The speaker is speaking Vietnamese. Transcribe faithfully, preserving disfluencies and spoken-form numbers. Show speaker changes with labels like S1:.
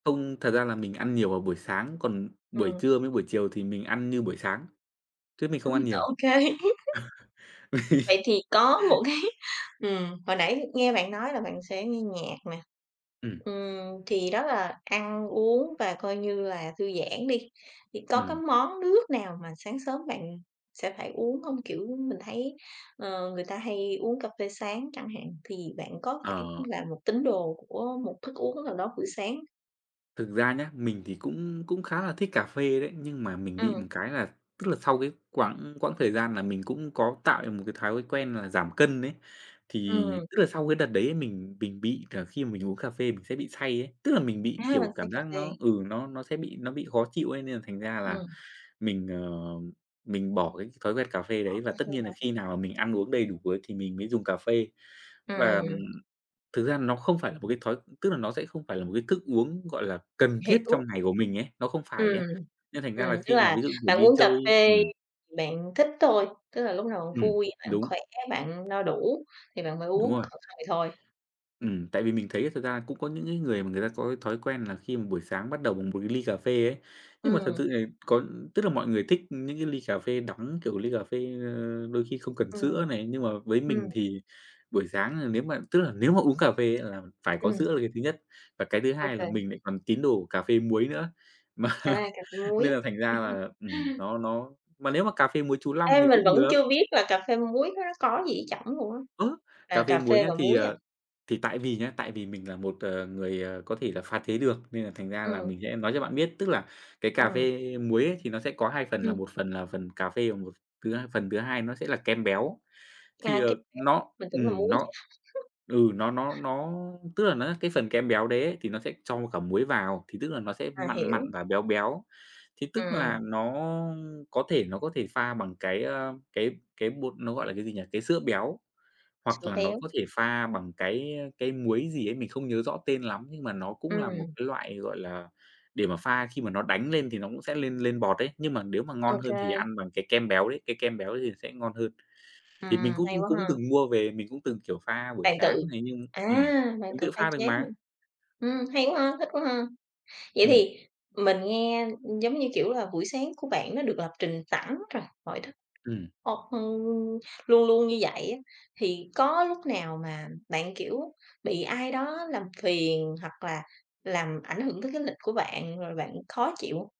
S1: Không, thật ra là mình ăn nhiều vào buổi sáng, còn buổi
S2: Ừm.
S1: trưa với buổi chiều thì mình ăn như buổi sáng, chứ mình không ăn
S2: Ừm,
S1: nhiều.
S2: ô kê. Vậy thì có một cái ừm, hồi nãy nghe bạn nói là bạn sẽ nghe nhạc nè,
S1: Ừm.
S2: ừm, thì đó là ăn uống và, coi như là, thư giãn đi, thì có cái
S1: Ừm.
S2: món nước nào mà sáng sớm bạn sẽ phải uống hông? Kiểu, mình thấy, ờ, người ta hay uống cà phê sáng chẳng hạn, thì bạn có phải
S1: Ờ.
S2: là một tín đồ của một thức uống nào đó bữa sáng?
S1: Thực ra nhá, mình thì cũng cũng khá là thích cà phê đấy, nhưng mà mình bị
S2: Ừm.
S1: một cái là tức là sau cái quãng quãng thời gian là mình cũng có tạo cho mình một cái thói quen là giảm cân ấy. Thì
S2: Ừm.
S1: tức là sau cái đợt đấy ấy, mình mình bị cờ khi mà mình uống cà phê mình sẽ bị say ấy, tức là mình bị,
S2: A, bạn
S1: kiểu,
S2: say
S1: cảm
S2: cà
S1: giác
S2: phê.
S1: nó ừ, nó nó sẽ bị nó bị khó chịu ấy, nên là thành ra là
S2: Ừm.
S1: mình, ờ, mình bỏ cái thói quen cà phê
S2: Bỏ
S1: đấy và
S2: cà
S1: tất
S2: phê
S1: nhiên là
S2: hông?
S1: khi nào mà mình ăn uống đầy đủ bữa thì mình mới dùng cà phê. Và, ừm,
S2: Ừm.
S1: thực ra nó không phải là một cái thói tức là nó sẽ không phải là một cái thức uống, gọi là, cần thiết
S2: Hiểu.
S1: trong ngày của mình ấy, nó không phải
S2: Ừm,
S1: ấy, nên thành ra
S2: ừm.
S1: là
S2: Tức
S1: khi nào
S2: là
S1: ví dụ, kiểu,
S2: bạn
S1: đi
S2: uống cà
S1: chơi
S2: phê
S1: ừm.
S2: bạn thích thôi, tức là lúc nào bạn
S1: Ừm.
S2: vui, bạn
S1: Đúng.
S2: khỏe, bạn no đủ thì bạn mới
S1: Đúng
S2: uống,
S1: rồi.
S2: còn không thì thôi.
S1: Ừm, tại vì mình thấy ấy thực ra là cũng có những cái người mà người ta có cái thói quen là khi mà buổi sáng bắt đầu bằng một ly cà phê ấy, nhưng mà thật
S2: Ừm.
S1: sự thì có tức là mọi người thích những cái ly cà phê đắng, kiểu, ly cà phê, ơ, đôi khi không cần sữa
S2: Ừm.
S1: này, nhưng mà với
S2: Ừm.
S1: mình thì buổi sáng, ờ, nếu mà tức là nếu mà uống cà phê á là phải có
S2: Ừm.
S1: sữa là cái thứ nhất và cái thứ hai là
S2: OK.
S1: mình lại còn tín đồ của cà phê muối nữa, mà
S2: À, cà phê muối.
S1: nên là thành ra là, ừm, nó nó mà nếu mà cà phê muối chú Long
S2: Ê,
S1: thì
S2: mình
S1: cũng
S2: vẫn
S1: được.
S2: chưa biết là cà phê muối nó có gì ở trỏng luôn á,
S1: Ơ,
S2: là
S1: cà phê
S2: cà
S1: muối
S2: phê
S1: nhá,
S2: và
S1: thì,
S2: muối à?
S1: ờ, thì tại vì nhá, tại vì mình là một, ờ, người, ờ, có thể là pha chế được, nên là thành ra là
S2: Ừm.
S1: mình sẽ nói cho bạn biết. Tức là cái cà
S2: Ừm.
S1: phê muối ấy thì nó sẽ có hai phần là
S2: Ừm.
S1: một phần là phần cà phê và một thứ h phần thứ hai nó sẽ là kem béo.
S2: À,
S1: Thì,
S2: kem
S1: ờ, nó
S2: béo, mình tưởng là
S1: ừm,
S2: muối chứ.
S1: nó ừ, nó nó nó tức là nó, á, cái phần kem béo đấy ấy thì nó sẽ cho cả muối vào, thì tức là nó sẽ
S2: À,
S1: mặn mặn
S2: hiểu.
S1: và béo béo, thì tức là
S2: Ừm.
S1: nó có thể nó có thể pha bằng cái, ơ, cái cái bột nó gọi là cái gì nhỉ, cái sữa béo, hoặc
S2: Sữa
S1: là nó có
S2: béo.
S1: thể pha bằng cái, ơ, cái muối gì ấy, mình không nhớ rõ tên lắm nhưng mà nó cũng là một
S2: Ừm.
S1: cái loại, gọi là, để mà pha khi mà nó đánh lên thì nó cũng sẽ lên lên bọt ấy, nhưng mà nếu mà
S2: Ô
S1: ngon hơn thì
S2: kê.
S1: ăn bằng cái kem béo đấy, cái kem béo ấy thì sẽ ngon hơn.
S2: Ừm,
S1: Thì mình cũng
S2: hay quá
S1: cũng
S2: ha.
S1: từng mua về, mình cũng từng, kiểu, pha buổi
S2: Bạn tự
S1: sáng này nhưng
S2: à,
S1: ừm,
S2: bạn
S1: mình
S2: tự
S1: tự
S2: pha
S1: pha được
S2: chế hả?
S1: mà.
S2: Ừm, hay quá ha, thích quá ha. Vậy
S1: Ừm.
S2: thì mình nghe, ừm, giống như kiểu, là buổi sáng của bạn nó được lập trình sẵn rồi, mọi thứ
S1: Ừm.
S2: ơ, ừm, luôn luôn như vậy á, thì có lúc nào mà bạn, kiểu, bị ai đó làm phiền, hoặc là làm ảnh hưởng tới cái lịch của bạn, rồi bạn khó chịu không?